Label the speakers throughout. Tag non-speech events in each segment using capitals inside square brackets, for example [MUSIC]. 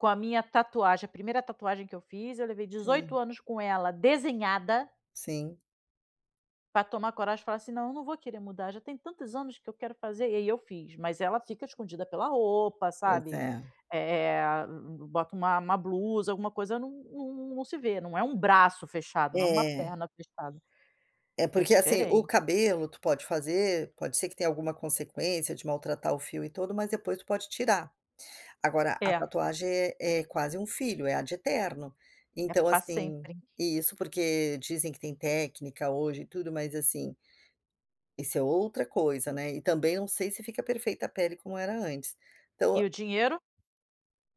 Speaker 1: Com a minha tatuagem, a primeira tatuagem que eu fiz, eu levei
Speaker 2: Sim.
Speaker 1: 18 anos com ela desenhada.
Speaker 2: Sim.
Speaker 1: Pra tomar coragem e falar assim: "Não, não vou querer mudar, já tem tantos anos que eu quero fazer", aí eu fiz, mas ela fica escondida pela roupa,
Speaker 2: Pois
Speaker 1: sabe?
Speaker 2: é.
Speaker 1: Eh, bota uma uma blusa, alguma coisa, não não não se vê, não é um braço fechado, não é uma
Speaker 2: É.
Speaker 1: perna fechada.
Speaker 2: É
Speaker 1: É
Speaker 2: porque assim, o
Speaker 1: diferente.
Speaker 2: cabelo, tu pode fazer, pode ser que tenha alguma consequência de maltratar o fio e tudo. Mas depois tu pode tirar, agora a
Speaker 1: É.
Speaker 2: tatuagem é quase um filho, é ad eternum.
Speaker 1: É,
Speaker 2: Então
Speaker 1: pra
Speaker 2: assim,
Speaker 1: sempre.
Speaker 2: isso, porque dizem que tem técnica hoje e tudo mas assim isso é outra coisa né, e também eu não sei se fica perfeita a pele como era antes. Então
Speaker 1: E o dinheiro?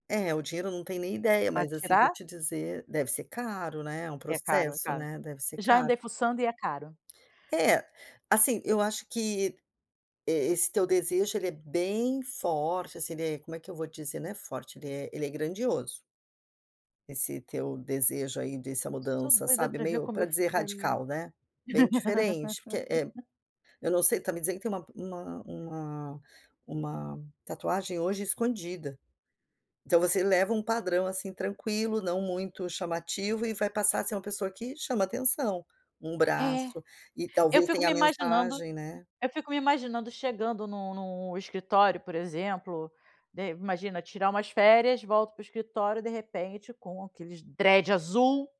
Speaker 2: É, o dinheiro não tenho nem ideia,
Speaker 1: Para
Speaker 2: mas assim vou
Speaker 1: tirar?
Speaker 2: te dizer, deve ser caro né. É um
Speaker 1: É caro, é
Speaker 2: processo
Speaker 1: caro.
Speaker 2: né, deve ser
Speaker 1: Já
Speaker 2: caro.
Speaker 1: andei fuçando e é caro.
Speaker 2: É, assim, eu acho que, e esse teu desejo ele é bem forte assim. Ele é, como é que eu vou dizer, não é forte, ele é ele é grandioso. Esse teu desejo aí dessa
Speaker 1: Eu sou
Speaker 2: mudança
Speaker 1: doida
Speaker 2: sabe,
Speaker 1: para ver
Speaker 2: meio
Speaker 1: como
Speaker 2: para
Speaker 1: eu
Speaker 2: dizer
Speaker 1: ficaria.
Speaker 2: radical né, bem diferente porque é
Speaker 1: [LAUGHS]
Speaker 2: eu não sei, está me dizendo que tem uma uma uma tatuagem hoje escondida. Então você leva uma padrão assim tranquilo, não muito chamativo e vai passar a ser uma pessoa que chama atenção, um
Speaker 1: É,
Speaker 2: braço, e
Speaker 1: eu
Speaker 2: talvez
Speaker 1: fico
Speaker 2: tenha
Speaker 1: me
Speaker 2: a
Speaker 1: imaginando
Speaker 2: mensagem né?
Speaker 1: eu fico me imaginando chegando no no escritório, por exemplo, de imagina tirar umas férias, volto para o escritório, de repente com aqueles dreads azul.